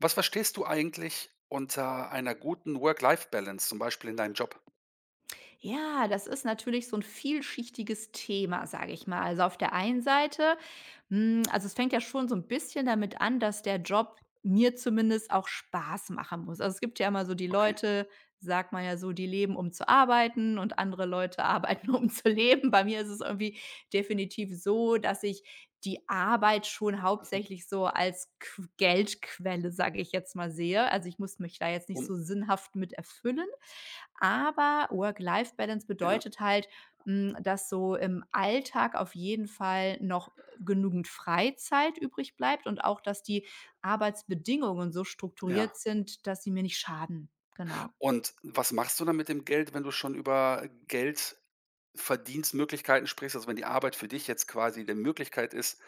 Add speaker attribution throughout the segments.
Speaker 1: Was verstehst du eigentlich unter einer guten Work-Life-Balance zum Beispiel in deinem Job?
Speaker 2: Ja, das ist natürlich so 'n vielschichtiges Thema, sage ich mal. Also, auf der einen Seite, hm, also, es fängt ja schon so 'n bisschen damit an, dass der Job mir zumindest auch Spaß machen muss. Also, es gibt ja immer so die
Speaker 1: Okay.
Speaker 2: Leute, sagt man ja so, die leben, um zu arbeiten, und andere Leute arbeiten, um zu leben. Bei mir ist es irgendwie definitiv so, dass ich die Arbeit schon
Speaker 1: Mhm.
Speaker 2: hauptsächlich so als qu Geldquelle, sage ich jetzt mal, sehe. Also, ich muss mich da jetzt nicht
Speaker 1: Um
Speaker 2: so sinnhaft mit erfüllen. Aber Work-Life-Balance
Speaker 1: Ja.
Speaker 2: bedeutet halt, hm, dass so im Alltag auf jeden Fall noch, äh, genügend Freizeit übrigbleibt und auch, dass die Arbeitsbedingungen so
Speaker 1: Ja.
Speaker 2: strukturiert sind, dass sie mir nicht schaden. Genau.
Speaker 1: Und was machst du dann mit dem Geld, wenn du schon über Geldverdienstmöglichkeiten sprichst? Also, wenn die Arbeit für dich jetzt quasi 'ne Möglichkeit ist,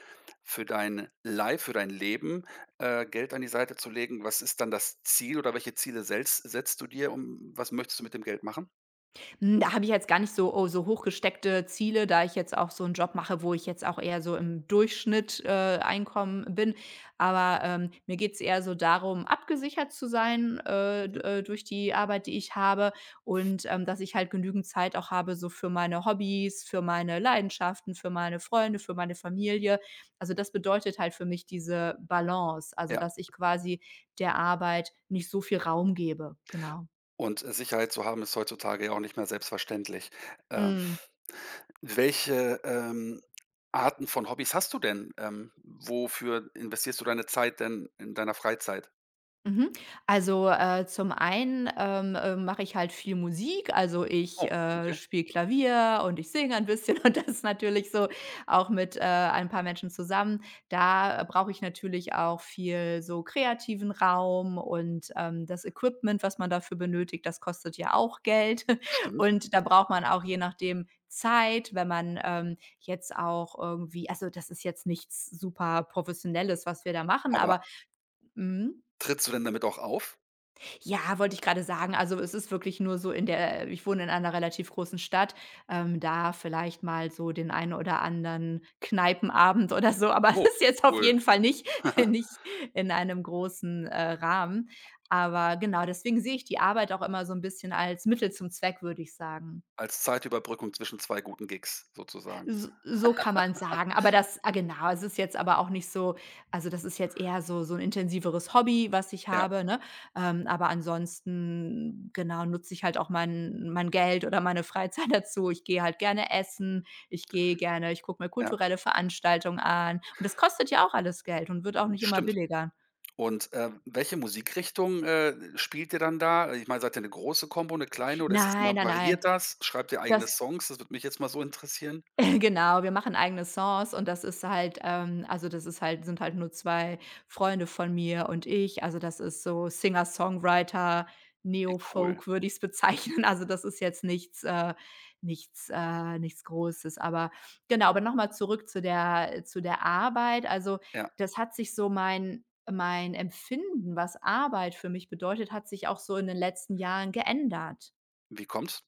Speaker 1: für dein Life für dein Leben, äh, Geld an die Seite zu legen, was ist dann das Ziel oder welche Ziele sels setzt du dir um was möchtest du mit dem Geld machen?
Speaker 2: Hm, da habe ich jetzt gar nicht so o so hochgesteckte Ziele, da ich jetzt auch so 'n Job mache, wo ich jetzt auch eher so im Durchschnitt, äh, Einkommen bin. Aber, ähm, mir geht es eher so darum, abgesichert zu sein, äh, d
Speaker 1: Mhm.
Speaker 2: äh, durch die Arbeit, die ich habe und, ähm, dass ich halt genügend Zeit auch habe so für meine Hobbys, für meine Leidenschaften, für meine Freunde, für meine Familie. Also, das bedeutet halt für mich diese Balance, also,
Speaker 1: Ja.
Speaker 2: dass ich quasi der Arbeit nicht so viel Raum gebe, genau.
Speaker 1: Und, äh, Sicherheit zu haben ist heutzutage ja auch nicht mehr selbstverständlich. Äh
Speaker 2: Mhm.
Speaker 1: welche, ähm, Arten von Hobbys hast du denn? Ähm, wofür investierst du deine Zeit denn in deiner Freizeit?
Speaker 2: Mhm. Also, äh, zum einen, ähm, äh, mache ich halt viel Musik. Also, ich,
Speaker 1: Oh,
Speaker 2: äh,
Speaker 1: okay.
Speaker 2: spiele Klavier und ich singe ein bisschen und das ist natürlich so auch mit, äh, ein paar Menschen zusammen. Da, äh, brauche ich natürlich auch viel so kreativen Raum und, ähm, das Equipment, was man dafür benötigt, das kostet ja auch Geld.
Speaker 1: Stimmt.
Speaker 2: Und da braucht man auch je nachdem Zeit, wenn man, ähm, jetzt auch irgendwie also, das ist jetzt nichts super professionelles, was wir da machen,
Speaker 1: Aber
Speaker 2: aber mhm.
Speaker 1: trittst du denn damit auch auf?
Speaker 2: Ja, wollte ich grade sagen. Also es ist wirklich nur so in der äh, ich wohne in einer relativ großen Stadt, ähm, da vielleicht mal so den einen oder anderen Kneipenabend oder so. Aber
Speaker 1: Oh,
Speaker 2: ist jetzt auf
Speaker 1: cool.
Speaker 2: jeden Fall nicht nicht in einem großen, äh, Rahmen. Aber genau, deswegen sehe ich die Arbeit auch immer so 'n bisschen als Mittel zum Zweck, würde ich sagen.
Speaker 1: Als Zeitüberbrückung zwischen 2 guten Gigs sozusagen.
Speaker 2: S so kann man's sagen. Aber das ah, genau, es ist jetzt aber auch nicht so, also das ist jetzt eher so so 'n intensiveres Hobby, was ich
Speaker 1: Ja.
Speaker 2: habe, ne? Ähm, aber ansonsten, genau, nutze ich halt auch mein mein Geld oder meine Freizeit dazu. Ich gehe halt gerne essen. Ich gehe gerne ich gucke mir
Speaker 1: Ja.
Speaker 2: kulturelle Veranstaltungen an. Und das kostet ja auch alles Geld und wird auch nicht immer
Speaker 1: Stimmt.
Speaker 2: billiger.
Speaker 1: Und, äh, welche Musikrichtung, äh, spielt ihr dann da? Ich meine, seid ihr 'ne große Kombo, 'ne kleine oder ist das
Speaker 2: Nein,
Speaker 1: immer
Speaker 2: nein, nein.
Speaker 1: variiert das? Schreibt ihr eigene
Speaker 2: Das
Speaker 1: Songs? Das würde mich jetzt mal so interessieren.
Speaker 2: Genau, wir machen eigene Songs und das ist halt ähm, also das ist halt sind halt nur 2 Freunde von mir und ich. Also das ist so
Speaker 1: Wie cool.
Speaker 2: Singer-Songwriter-Neo-Folk würde ich's bezeichnen. Also das ist jetzt nichts äh, nichts äh, nichts Großes. Aber genau, aber noch mal zurück zu der äh, zu der Arbeit. Also
Speaker 1: Ja.
Speaker 2: das hat sich so mein mein Empfinden, was Arbeit für mich bedeutet, hat sich auch so in den letzten Jahren geändert.
Speaker 1: Wie kommt's?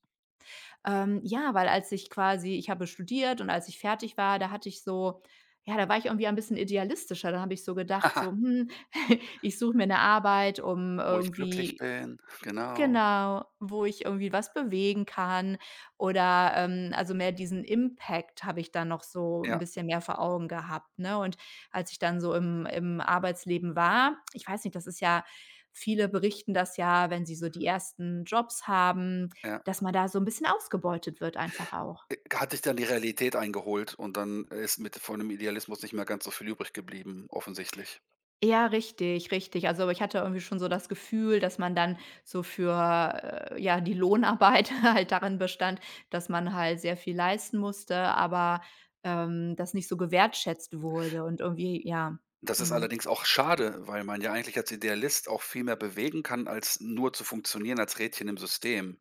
Speaker 2: Ähm, ja, weil als ich quasi ich habe studiert und als ich fertig war, da hatte ich so ja, da war ich irgendwie ein bisschen idealistischer. Da habe ich so gedacht so: „Hm, ich suche mir 'ne Arbeit, um
Speaker 1: Wo ich glücklich
Speaker 2: irgendwie“,
Speaker 1: bin, genau.
Speaker 2: genau, wo ich irgendwie was bewegen kann. Oder, ähm, also, mehr diesen Impact habe ich da noch so 'n
Speaker 1: Ja.
Speaker 2: bisschen mehr vor Augen gehabt, ne? Und als ich dann so im im Arbeitsleben war ich weiß nicht, das ist ja viele berichten das ja, wenn sie so die 1. Jobs haben,
Speaker 1: Ja.
Speaker 2: dass man da so 'n bisschen ausgebeutet wird einfach auch.
Speaker 1: Äh, hat dich dann die Realität eingeholt und dann ist mit von dem Idealismus nicht mehr ganz so viel übrig geblieben, offensichtlich.
Speaker 2: Ja, richtig, richtig. Also, ich hatte irgendwie schon so das Gefühl, dass man dann so für äh, ja, die Lohnarbeit halt darin bestand, dass man halt sehr viel leisten musste, aber, ähm, das nicht so gewertschätzt wurde und irgendwie ja.
Speaker 1: Das ist
Speaker 2: Mhm.
Speaker 1: allerdings auch schade, weil man ja eigentlich als Idealist auch viel mehr bewegen kann, als nur zu funktionieren als Rädchen im System.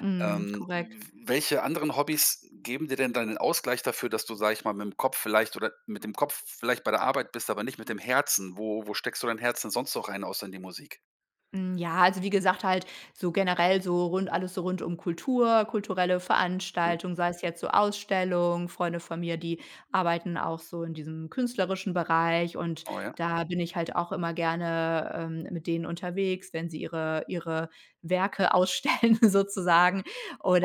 Speaker 2: Mhm,
Speaker 1: Ähm,
Speaker 2: korrekt.
Speaker 1: w welche anderen Hobbys geben dir denn deinen Ausgleich dafür, dass du, sage ich mal, mit’m Kopf vielleicht oder mit dem Kopf vielleicht bei der Arbeit bist, aber nicht mit dem Herzen? Wo wo steckst du dein Herz denn sonst noch rein außer in die Musik?
Speaker 2: Hm, ja, also, wie gesagt, halt so generell so rund alles so rund um Kultur, kulturelle
Speaker 1: Mhm.
Speaker 2: Veranstaltungen, sei es jetzt so Ausstellung Freunde von mir, die arbeiten auch so in diesem künstlerischen Bereich und
Speaker 1: Oh, ja.
Speaker 2: da bin ich halt auch immer gerne, ähm, mit denen unterwegs, wenn sie ihre ihre Werke ausstellen sozusagen.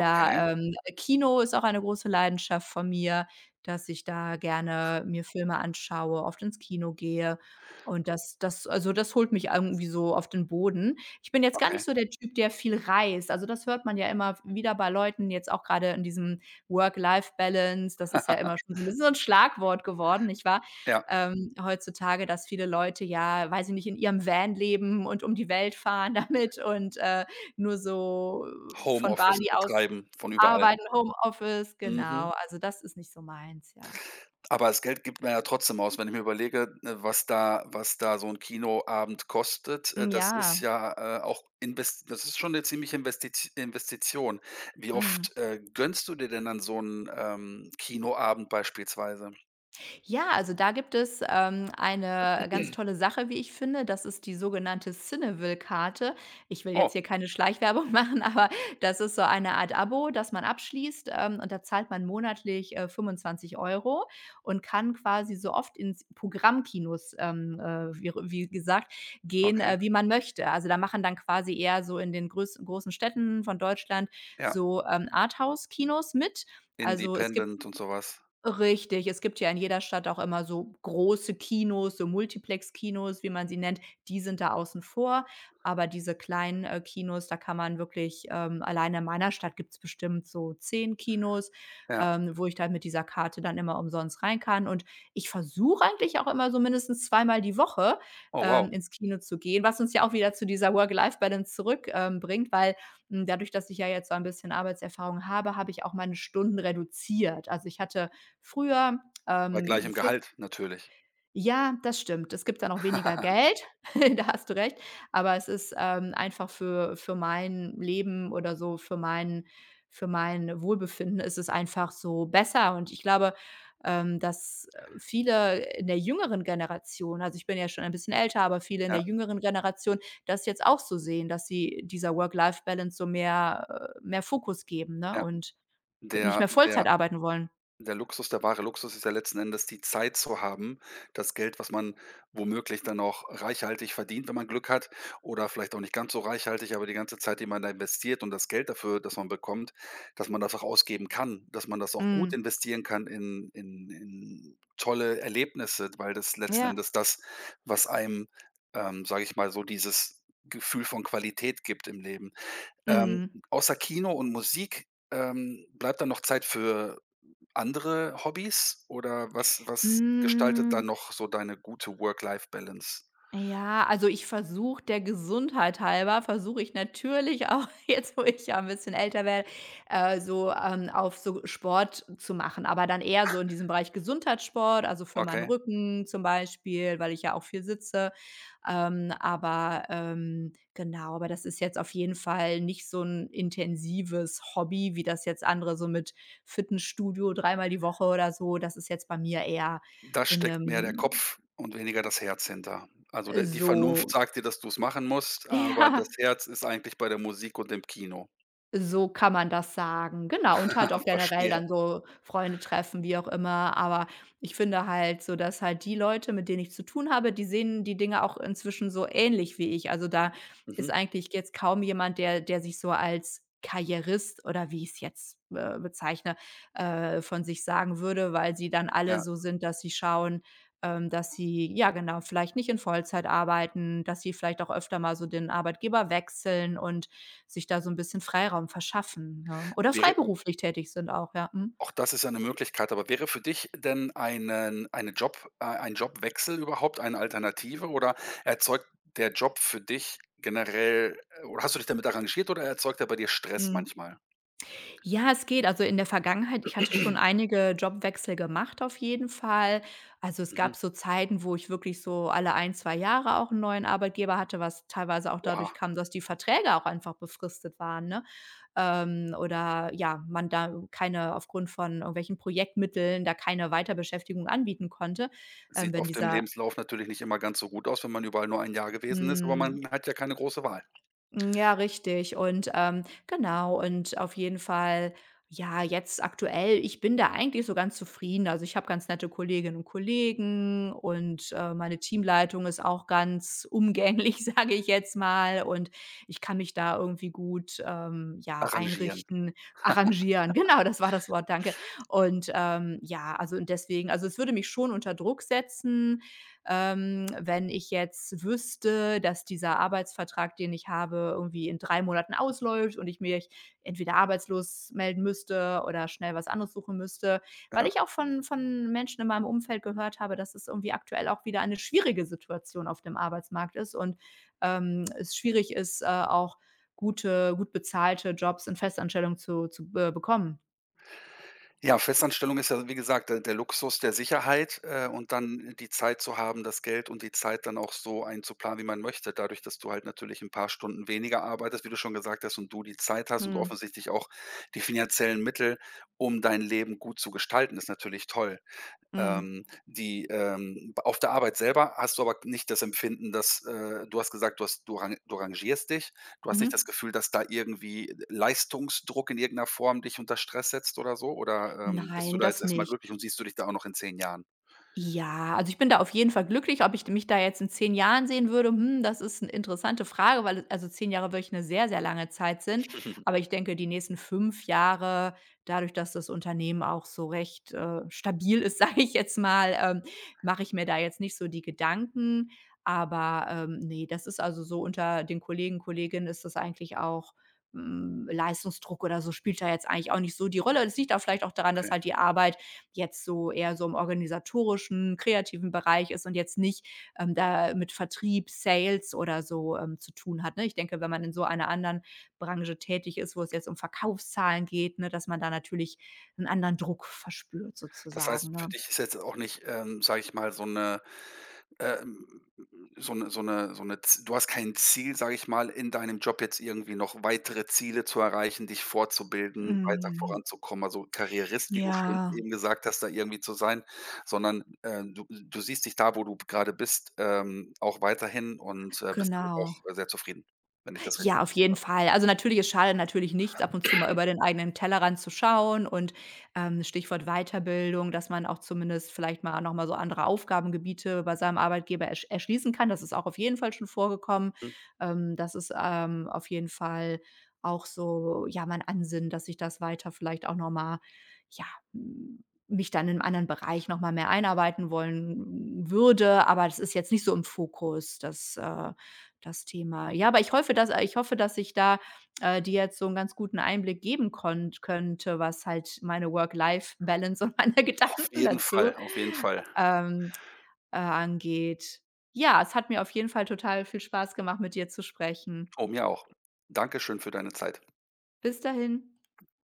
Speaker 1: Okay.
Speaker 2: ähm, äh, Kino ist auch eine große Leidenschaft von mir, dass ich da gerne mir Filme anschaue, oft ins Kino gehe, und das das also, das holt mich irgendwie so auf den Boden. Ich bin jetzt gar nicht
Speaker 1: Okay.
Speaker 2: so der Typ, der viel reist. Also, das hört man ja immer w wieder bei Leuten, jetzt auch grade in diesem Work-Life-Balance. Das ist ja immer schon so 'n wie so 'n Schlagwort geworden, nicht wahr?
Speaker 1: Ja.
Speaker 2: Ähm, heutzutage, dass viele Leute ja weiß ich nicht, in ihrem Van leben und um die Welt fahren damit und, äh, nur so von
Speaker 1: Homeoffice
Speaker 2: Bali aus
Speaker 1: betreiben von überall.
Speaker 2: arbeiten, Homeoffice,
Speaker 1: Mhm.
Speaker 2: genau. Also, das ist nicht so meins, ja.
Speaker 1: Aber das Geld gibt man ja trotzdem aus, wenn ich mir überlege, äh, was da was da so 'n Kinoabend kostet, äh,
Speaker 2: Hm,
Speaker 1: das ist
Speaker 2: ja.
Speaker 1: ja, äh, auch Inves das ist schon 'ne ziemliche Investit Investition. Wie
Speaker 2: Mhm.
Speaker 1: oft, äh, gönnst du dir denn dann so 'n, ähm, Kinoabend beispielsweise?
Speaker 2: Ja, also da gibt es, ähm, eine ganz tolle Sache, wie ich finde. Das ist die sogenannte Cineville-Karte. Ich will jetzt
Speaker 1: Oh.
Speaker 2: hier keine Schleichwerbung machen, aber das ist so eine Art Abo, das man abschließt, ähm, und da zahlt man monatlich, äh, 25 € und kann quasi so oft ins Programmkinos, ähm, äh, wie re wie gesagt gehen,
Speaker 1: Okay.
Speaker 2: äh, wie man möchte. Also da machen dann quasi eher so in den größ großen Städten von Deutschland
Speaker 1: Ja.
Speaker 2: so, ähm, Arthouse-Kinos mit. Also es gibt
Speaker 1: Independent und so was.
Speaker 2: richtig, es gibt ja in jeder Stadt auch immer so große Kinos, so Multiplex-Kinos, wie man sie nennt, die sind da außen vor. Aber diese kleinen, äh, Kinos, da kann man wirklich, ähm allein in meiner Stadt gibt's bestimmt so 10 Kinos,
Speaker 1: Ja.
Speaker 2: ähm, wo ich dann mit dieser Karte dann immer umsonst rein kann. Und ich versuche eigentlich auch immer, so mindestens zweimal die Woche,
Speaker 1: Oh wow.
Speaker 2: ähm, ins Kino zu gehen, was uns ja auch wieder zu dieser Work-Life-Balance zurück, ähm, bringt, weil, hm, dadurch, dass ich ja jetzt so ein bisschen Arbeitserfahrung habe, habe ich auch meine Stunden reduziert. Also, ich hatte früher,
Speaker 1: Bei
Speaker 2: ähm,
Speaker 1: gleichem
Speaker 2: für
Speaker 1: Gehalt natürlich.
Speaker 2: Ja, das stimmt. Es gibt dann auch weniger Geld, da hast du recht. Aber es ist, ähm, einfach für für mein Leben oder so für mein für mein Wohlbefinden ist es einfach so besser. Und ich glaube, ähm, dass viele in der jüngeren Generation, also ich bin ja schon ein bisschen älter, aber viele in der
Speaker 1: Ja.
Speaker 2: jüngeren Generation das jetzt auch so sehen, dass sie dieser Work-Life-Balance so mehr, äh, mehr Fokus geben, ne?
Speaker 1: Ja.
Speaker 2: Und g nicht
Speaker 1: Der
Speaker 2: mehr Vollzeit
Speaker 1: der
Speaker 2: arbeiten wollen.
Speaker 1: der Luxus, der wahre Luxus ist ja letzten Endes die Zeit zu haben, das Geld, was man womöglich dann auch reichhaltig verdient, wenn man Glück hat oder vielleicht auch nicht ganz so reichhaltig, aber die ganze Zeit, die man da investiert und das Geld dafür dass man bekommt, dass man das auch ausgeben kann, dass man das auch gut
Speaker 2: Mhm.
Speaker 1: investieren kann in in in tolle Erlebnisse, weil das letzten
Speaker 2: Ja.
Speaker 1: Endes das, was einem, ähm, sage ich mal, so dieses Gefühl von Qualität gibt im Leben. Ähm,
Speaker 2: Mhm.
Speaker 1: außer Kino und Musik, ähm, bleibt da noch Zeit für andere Hobbys oder was was gestaltet da
Speaker 2: Hm.
Speaker 1: noch so deine gute Work-Life-Balance?
Speaker 2: Ja, also ich versuche, der Gesundheit halber, versuche ich natürlich auch jetzt, wo ich ja 'n bisschen älter werde, äh, so, ähm, auf so Sport zu machen. Aber dann eher so in diesem Bereich Gesundheitssport, also für meinen
Speaker 1: Okay.
Speaker 2: Rücken zum Beispiel, weil ich ja auch viel sitze. Ähm, aber, ähm, genau, aber das ist jetzt auf jeden Fall nicht so 'n intensives Hobby, wie das jetzt andere so mit Fitnessstudio dreimal die Woche oder so. Das ist jetzt bei mir eher
Speaker 1: Da
Speaker 2: in
Speaker 1: steckt mehr der
Speaker 2: 'nem
Speaker 1: Kopf und weniger das Herz hinter. Also
Speaker 2: äh,
Speaker 1: der die Vernunft
Speaker 2: so
Speaker 1: sagt dir, dass du's machen musst, aber das
Speaker 2: Ja.
Speaker 1: Herz ist eigentlich bei der Musik und dem Kino.
Speaker 2: So kann man das sagen. Genau, und halt auch generell
Speaker 1: Verstehe.
Speaker 2: dann so Freunde treffen, wie auch immer. Aber ich finde halt so, dass halt die Leute, mit denen ich zu tun habe, die sehen die Dinge auch inzwischen so ähnlich wie ich. Also, da ist
Speaker 1: Mhm.
Speaker 2: eigentlich jetzt kaum jemand, der der sich so als Karrierist oder wie ich's jetzt, äh, bezeichne, äh, von sich sagen würde, weil sie dann alle
Speaker 1: Ja.
Speaker 2: so sind, dass sie schauen, ähm, dass sie ja, genau, vielleicht nicht in Vollzeit arbeiten, dass sie vielleicht auch öfter mal so den Arbeitgeber wechseln und sich da so 'n bisschen Freiraum verschaffen, ne? Oder
Speaker 1: Wäre
Speaker 2: freiberuflich tätig sind auch, ja. Mhm.
Speaker 1: auch das ist eine Möglichkeit. Aber wäre für dich denn einen eine Job äh, ein Jobwechsel überhaupt eine Alternative oder erzeugt der Job für dich generell oder hast du dich damit arrangiert oder erzeugt er bei dir Stress
Speaker 2: Mhm.
Speaker 1: manchmal?
Speaker 2: Ja, es geht. Also, in der Vergangenheit, ich hatte schon einige Jobwechsel gemacht auf jeden Fall. Also, es gab
Speaker 1: Mhm.
Speaker 2: so Zeiten, wo ich wirklich so alle 1, 2 Jahre auch 'n neuen Arbeitgeber hatte, was teilweise auch dadurch
Speaker 1: Oha.
Speaker 2: kam, dass die Verträge auch einfach befristet waren, ne? Ähm, oder ja, man da keine aufgrund von irgendwelchen Projektmitteln da keine Weiterbeschäftigung anbieten konnte, ähm,
Speaker 1: Sieht
Speaker 2: wenn
Speaker 1: oft im
Speaker 2: dieser
Speaker 1: Lebenslauf natürlich nicht immer ganz so gut aus, wenn man überall nur 1 Jahr gewesen ist, aber
Speaker 2: Mhm.
Speaker 1: man hat ja keine große Wahl.
Speaker 2: Hm, ja, richtig. Und, ähm, genau. Und auf jeden Fall, ja, jetzt aktuell, ich bin da eigentlich so ganz zufrieden. Also, ich habe ganz nette Kolleginnen und Kollegen und, äh, meine Teamleitung ist auch ganz umgänglich, sage ich jetzt mal. Und ich kann mich da irgendwie gut, ähm, ja,
Speaker 1: Arrangieren.
Speaker 2: einrichten. Arrangieren, genau, das war das Wort, danke. Und, ähm, ja, also, und deswegen also, es würde mich schon unter Druck setzen, ähm, wenn ich jetzt wüsste, dass dieser Arbeitsvertrag, den ich habe, irgendwie in 3 Monaten ausläuft und ich mich entweder arbeitslos melden müsste oder schnell was anderes suchen müsste, weil
Speaker 1: Ja.
Speaker 2: ich auch von von Menschen in meinem Umfeld gehört habe, dass es irgendwie aktuell auch wieder eine schwierige Situation auf dem Arbeitsmarkt ist und, ähm, es schwierig ist, äh, auch gute gut bezahlte Jobs in Festanstellung zu zu, äh, bekommen.
Speaker 1: Ja, Festanstellung ist ja wie gesagt der der Luxus der Sicherheit, äh, und dann, die Zeit zu haben, das Geld und die Zeit dann auch so einzuplanen, wie man möchte. Dadurch, das du halt natürlich 'n paar Stunden weniger arbeitest, wie du schon gesagt hast und du die Zeit hast und
Speaker 2: Mhm.
Speaker 1: offensichtlich auch die finanziellen Mittel, um dein Leben gut zu gestalten, ist natürlich toll.
Speaker 2: Mhm.
Speaker 1: Ähm, die, ähm, b auf der Arbeit selber hast du aber nicht das Empfinden, das äh, du hast gesagt, du hast du rang du rangierst dich, du hast nicht das
Speaker 2: Mhm.
Speaker 1: Gefühl, dass da irgendwie L Leistungsdruck in irgend 'ner Form dich unter Stress setzt oder so, oder, ähm, bist du
Speaker 2: Nein,
Speaker 1: da jetzt
Speaker 2: das
Speaker 1: erst mal
Speaker 2: nicht.
Speaker 1: glücklich und siehst du dich da auch noch in 10 Jahren?
Speaker 2: Ja, also ich bin da auf jeden Fall glücklich. Ob ich d mich da jetzt in 10 Jahren sehen würde, hm, das ist 'ne interessante Frage, weil, also, 10 Jahre wirklich 'ne sehr, sehr lange Zeit sind. Aber ich denke, die nächsten 5 Jahre, dadurch, dass das Unternehmen auch so recht, äh, stabil ist, sage ich jetzt mal, ähm, mache ich mir da jetzt nicht so die Gedanken. Aber, ähm, ne, das ist also so unter den Kollegen, Kolleginnen ist das eigentlich auch, hm, Leistungsdruck oder so spielt da jetzt eigentlich auch nicht so die Rolle. Das liegt auch vielleicht auch daran, dass
Speaker 1: Okay.
Speaker 2: halt die Arbeit jetzt so eher so im organisatorischen, kreativen Bereich ist und jetzt nicht, ähm, da mit Vertrieb, Sales oder so, ähm, zu tun hat, ne? Ich denke, wenn man in so einer anderen Branche tätig ist, wo es jetzt um Verkaufszahlen geht, ne, dass man da natürlich 'n anderen Druck verspürt,
Speaker 1: Das
Speaker 2: sozusagen,
Speaker 1: heißt, für
Speaker 2: ne?
Speaker 1: dich ist jetzt auch nicht, ähm, sage ich mal, so 'ne ähm, so 'ne so 'ne so 'ne z du hast kein Ziel, sage ich mal, in deinem Job jetzt irgendwie noch weitere Ziele zu erreichen, dich fortzubilden, weiter
Speaker 2: Hm.
Speaker 1: voranzukommen, also Karrierist, wie du schön
Speaker 2: Ja.
Speaker 1: eben gesagt hast, da irgendwie zu sein, sondern, äh, du du siehst dich da, wo du grade bist, ähm, auch weiterhin und, äh, bist damit
Speaker 2: Genau.
Speaker 1: auch sehr zufrieden, wenn ich das richtig
Speaker 2: Ja, auf jeden
Speaker 1: [unintelligible]
Speaker 2: Fall. Also natürlich, es schadet natürlich nicht, ab und zu mal über den eigenen Tellerrand zu schauen. Und, ähm, Stichwort Weiterbildung, dass man auch zumindest vielleicht mal noch mal so andere Aufgabengebiete bei seinem Arbeitgeber ersch erschließen kann. Das ist auch auf jeden Fall schon vorgekommen.
Speaker 1: Hm.
Speaker 2: Ähm, das ist, ähm, auf jeden Fall auch so, ja, mein Ansinnen, dass ich das weiter vielleicht auch noch mal, ja, m mich dann in anderen Bereich noch mal mehr einarbeiten wollen würde. Aber das ist jetzt nicht so im Fokus, das äh, das Thema. Ja, aber ich hoffe dass äh, ich hoffe, dass ich da, äh, dir jetzt so 'n ganz guten Einblick geben konnt könnte, was halt meine Work-Life-Balance und meine
Speaker 1: Auf
Speaker 2: Gedanken
Speaker 1: jeden
Speaker 2: dazu,
Speaker 1: Fall, auf jeden Fall.
Speaker 2: ähm, äh, angeht. Ja, es hat mir auf jeden Fall total viel Spaß gemacht, mit dir zu sprechen.
Speaker 1: Oh, mir auch. Dankeschön für deine Zeit.
Speaker 2: Bis dahin.